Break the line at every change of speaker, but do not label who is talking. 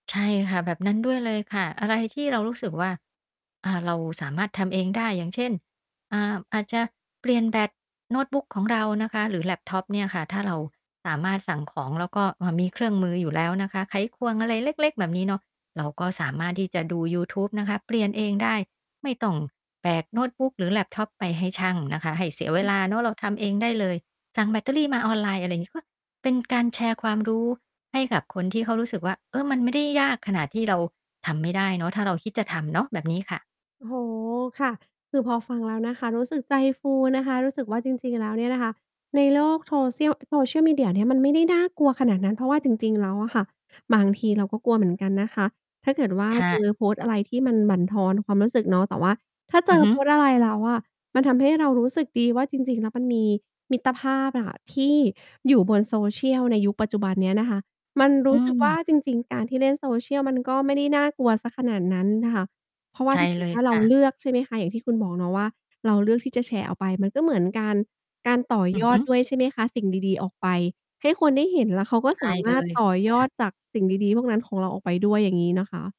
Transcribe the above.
ใช่ค่ะ แบบนั้นด้วยเลยค่ะ อะไรที่เรารู้สึกว่า อ่า เราสามารถทำเองได้ อย่างเช่น อ่า อาจจะเปลี่ยนแบตโน้ตบุ๊กของเรานะคะ หรือแล็ปท็อปเนี่ยค่ะ ถ้าเราสามารถสั่งของแล้วก็ อ่า มีเครื่องมืออยู่แล้วนะคะ ไขควงอะไรเล็ก ๆ แบบนี้เนาะ เราก็สามารถที่จะดูยูทูบนะคะ เปลี่ยนเองได้ ไม่ต้อง แบกโน๊ตบุ๊กหรือแล็ปท็อปไปให้ช่างนะคะให้เสียเว
อื
ลาเ
ม
นาะ เราทำเองได้เลย สั่งแบตเตอรี่มาออนไลน์ อะไรงี้ ก็ เป็นการแชร์ความรู้ให้กับคนที่เขารู้สึกว่า เออ มันไม่ได้ยากขนาดที่เราทำไม่ได้เนาะ ถ้าเราคิดจะทำเนาะ แบบนี้ค่ะ
โอ้โฮ ค่ะ คือพอฟังแล้วนะคะ รู้สึกใจฟูนะคะ รู้สึกว่าจริง ๆ แล้วเนี่ยน่ะค่ะ ในโลกโทเซี่ยว Social Media เนี่ย มันไม่ได้น่ากลัวขนาดนั้น เพราะว่าจริง ๆ แล้วอะค่ะ บางทีเราก็กลัวเหมือนกันนะคะ ถ้าเกิดว่า
ค่
เจ
ะ
อ โพสต์อะไรที่มันบั่นทอนความรู้สึกเนาะ แต่ว่าถ้าเ
อ
จ
ือ
อ
ฮึ
โพสต์อะไรแล้วอะมันทำให้เรารู้สึกดีว่า จริง ๆ แล้วมันมีมิตรภาพอะค่ะที่อยู่บน Social ในยุคปัจจุบันเนี้ยนะคะ มันร
อ
ู
ื
้สึกว
ม
่า จริง ๆ การที่เล่น Social มันก็ไม่ได้น่ากลัวเสียขนาดนั้นน่ะค่ะ เพราะว่
ใช
า
่
ถ้าเก
เ
ิ
ล
ด
ย
ว่า
ค
เรา
่ะ
เลือกใช่ไหมคะ อย่างที่คุณบอกเนาะว่า เราเลือกที่จะแชร์ออกไป มันก็เหมือนการ การต่อ
อื
ย
อฮ
อ
ึ
ด ด้วยใช่ไหมคะ สิ่งดี ๆ ออกไปให้คนได้เห็น แล้วเขาก็
ใช
ส
่
าม
เล
ารถ
ย
ต่อ
ค
ย
่
อ
ะ
ดจากสิ่งดี ๆ พวกนั้นของเราออกไปด้วย อย่างงี้นะคะ